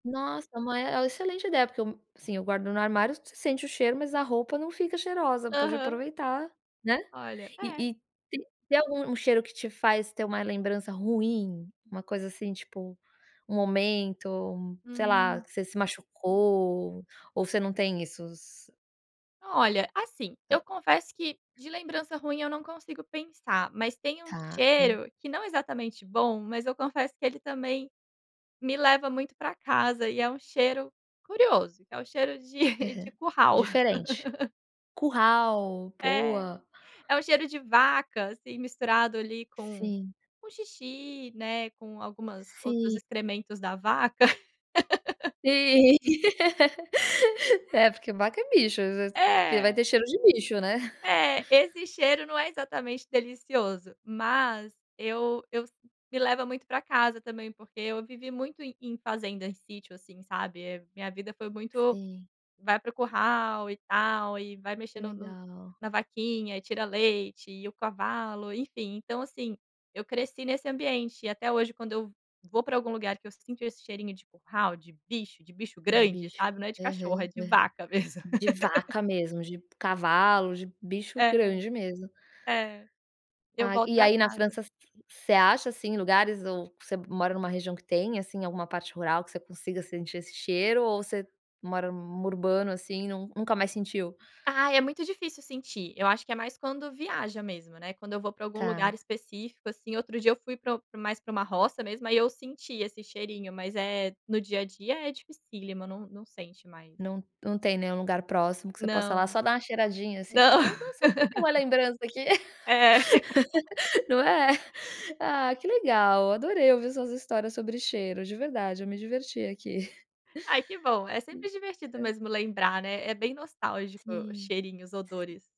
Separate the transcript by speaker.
Speaker 1: Nossa, mas é oh, uma excelente ideia, porque eu, sim, eu guardo no armário, você sente o cheiro, mas a roupa não fica cheirosa, pode
Speaker 2: Aham.
Speaker 1: aproveitar, né,
Speaker 2: Olha,
Speaker 1: e
Speaker 2: é.
Speaker 1: e te tem algum um cheiro que te faz ter uma lembrança ruim? Uma coisa, assim, tipo, um momento, sei lá,
Speaker 2: Hum.
Speaker 1: que você se machucou, ou você não tem isso?
Speaker 2: Olha, assim,
Speaker 1: Hã.
Speaker 2: eu confesso que de lembrança ruim eu não consigo pensar, mas tem um
Speaker 1: Tá, dã
Speaker 2: cheiro, que não é exatamente bom, mas eu confesso que ele também, me leva muito para casa, e é um cheiro curioso, é o cheiro de
Speaker 1: Aham.
Speaker 2: de curral.
Speaker 1: Diferente. Curral,
Speaker 2: É,
Speaker 1: boa.
Speaker 2: é um cheiro de vaca, assim, misturado, ali, com
Speaker 1: Sim.
Speaker 2: com xixi, né, com algumas outros
Speaker 1: Sim.
Speaker 2: excrementos da vaca.
Speaker 1: Sim, é, porque vaca é bicho, às vezes, vai
Speaker 2: É.
Speaker 1: ter cheiro de bicho, né.
Speaker 2: É, esse cheiro não é exatamente delicioso, mas eu eu si me leva muito para casa, também, porque eu vivi muito em em fazenda, em sítio, assim, sabe, eh, minha vida foi muito
Speaker 1: Sim.
Speaker 2: vai para o curral e tal, e vai
Speaker 1: Que
Speaker 2: mexendo no
Speaker 1: legal.
Speaker 2: na vaquinha e tira leite, e o cavalo, enfim, então, assim, eu cresci nesse ambiente e até hoje quando eu vou para algum lugar, que eu sinto esse cheirinho de curral, de bicho, de bicho
Speaker 1: De
Speaker 2: grande,
Speaker 1: bicho,
Speaker 2: sabe, não é de cachorro, é
Speaker 1: aham,
Speaker 2: de
Speaker 1: hã
Speaker 2: vaca mesmo.
Speaker 1: de vaca mesmo, de cavalo, de bicho
Speaker 2: É,
Speaker 1: grande, mesmo.
Speaker 2: é, eu
Speaker 1: Ah
Speaker 2: volto
Speaker 1: e
Speaker 2: para
Speaker 1: aí na
Speaker 2: casa.
Speaker 1: França, você acha, assim, lugares ou você mora em uma região que tem, assim, alguma parte rural que você consiga sentir esse cheiro ou você mora num urbano assim e nun nunca mais sentiu?
Speaker 2: Ai, é muito difícil sentir, eu acho que é mais quando viaja, mesmo, né, quando eu vou para algum lugar
Speaker 1: Tá.
Speaker 2: específico, assim, outro dia eu fui para o mais para uma roça, mesmo, aí eu senti esse cheirinho, mas é no dia a dia é dificílima, não não sente mais.
Speaker 1: Não não tem nenhum lugar próximo que você possa
Speaker 2: Não.
Speaker 1: lá só dar uma cheiradinha, assim, e
Speaker 2: Não.
Speaker 1: falar: "Nossa, só pra eu ter uma lembrança aqui".
Speaker 2: É.
Speaker 1: Não é? Ah, que legal, adorei ouvir suas histórias sobre cheiro, de verdade, eu me diverti aqui.
Speaker 2: Ai que bom, é
Speaker 1: Hum,
Speaker 2: sempre divertido
Speaker 1: hã.
Speaker 2: mesmo lembrar, né, é bem nostálgico o
Speaker 1: Sim,
Speaker 2: cheirinho, os
Speaker 1: si
Speaker 2: odores.